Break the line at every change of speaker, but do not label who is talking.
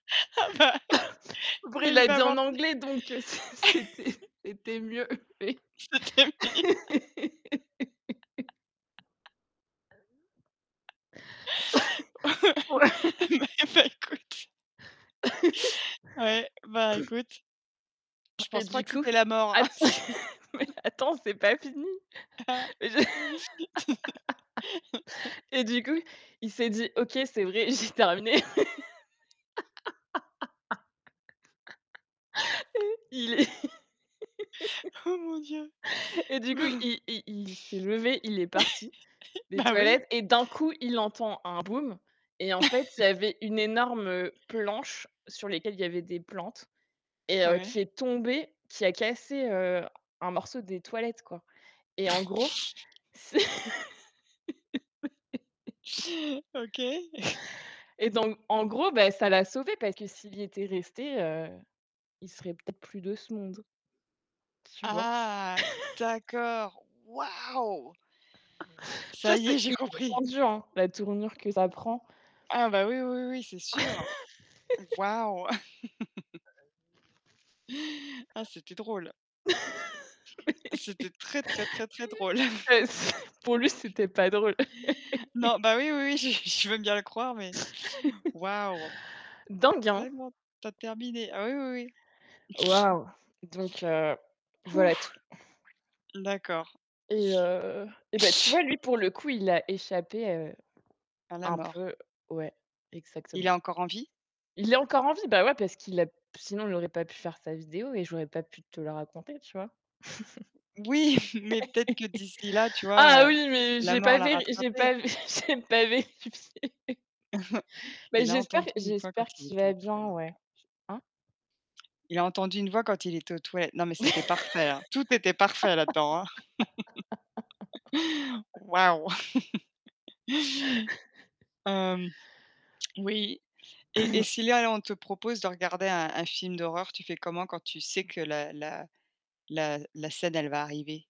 Ah bah
Après,
bah
il
il
l'a
va
dit
avoir
en
d
anglais, donc, c'est c'était c'était mieux.
C'était mieux. Ah,
Ouais.
bah, eh ben écoute Ouais, ben écoute, je
Et
pense pas
du
que
coup
c'était la mort, hein,
att
si
mais attends, c'est pas fini. Et et du coup, il s'est dit: «OK, c'est vrai, j'ai terminé». Et il est
Oh, mon Dieu.
et du coup,
Ben,
il il il s'est levé, il est parti des
bah, oui.
toilettes et d'un coup, il entend un boum. Et en fait, il y avait une énorme planche sur lesquelles il y avait des plantes et heu, qui
Ouais.
est tombée, qui a cassé, heu, un morceau des toilettes, quoi. Et en gros, c'est
OK.
et donc, en gros, bah, ça l'a sauvé, parce que s'il y était resté, heu, il serait peut-être plus de ce monde. Tu vois?
Ah d'accord. Waouh!
Tu
Ça
vois,
y est,
c'est
j'ai compris.
inattendu, hein, la tournure que ça prend.
Ah bah oui, oui, oui, c'est sûr. Waouh! Ah, c'était drôle. C'était très, très, très, très drôle.
Mais bah, c pour lui, c'était pas drôle.
Non, bah oui, oui, oui, j je veux bien le croire, mais, waouh!
Dingue, hein?
Tellement tu as terminé. Ah oui, oui, oui.
Waouh, donc heu, voilà
Ouf!
tout.
D'accord.
Et heu, eh beh, tu vois, lui pour le coup, il a échappé, heu,
À la
un
mort.
peu ouais,
Il est
exactement.
encore en vie?
Il est encore en vie, bah ouais, parce qu'il a sinon il aurait pas pu faire sa vidéo et j'aurais pas pu te le raconter, tu vois?
Oui, mais peut-être que d'ici là, tu vois?
Ah
Heu,
oui, mais
la
j'ai
mort
pas
l'a
véri j'ai
rattrapé.
pas vé j'ai pas vérifié. Bah
Il a
j'espère
entendu une voix quand
j'espère
il
qu'il
était
va
aux
bien,
toilettes,
ouais.
quoi.
Hein?
Il a entendu une voix quand il était aux toilettes, non, mais c'était parfait, hein, tout était parfait là-dedans, hein. Wouah! Hem, oui et et si là là, on te propose de regarder un un film d'horreur, tu fais comment quand tu sais que la la la la scène, elle va arriver?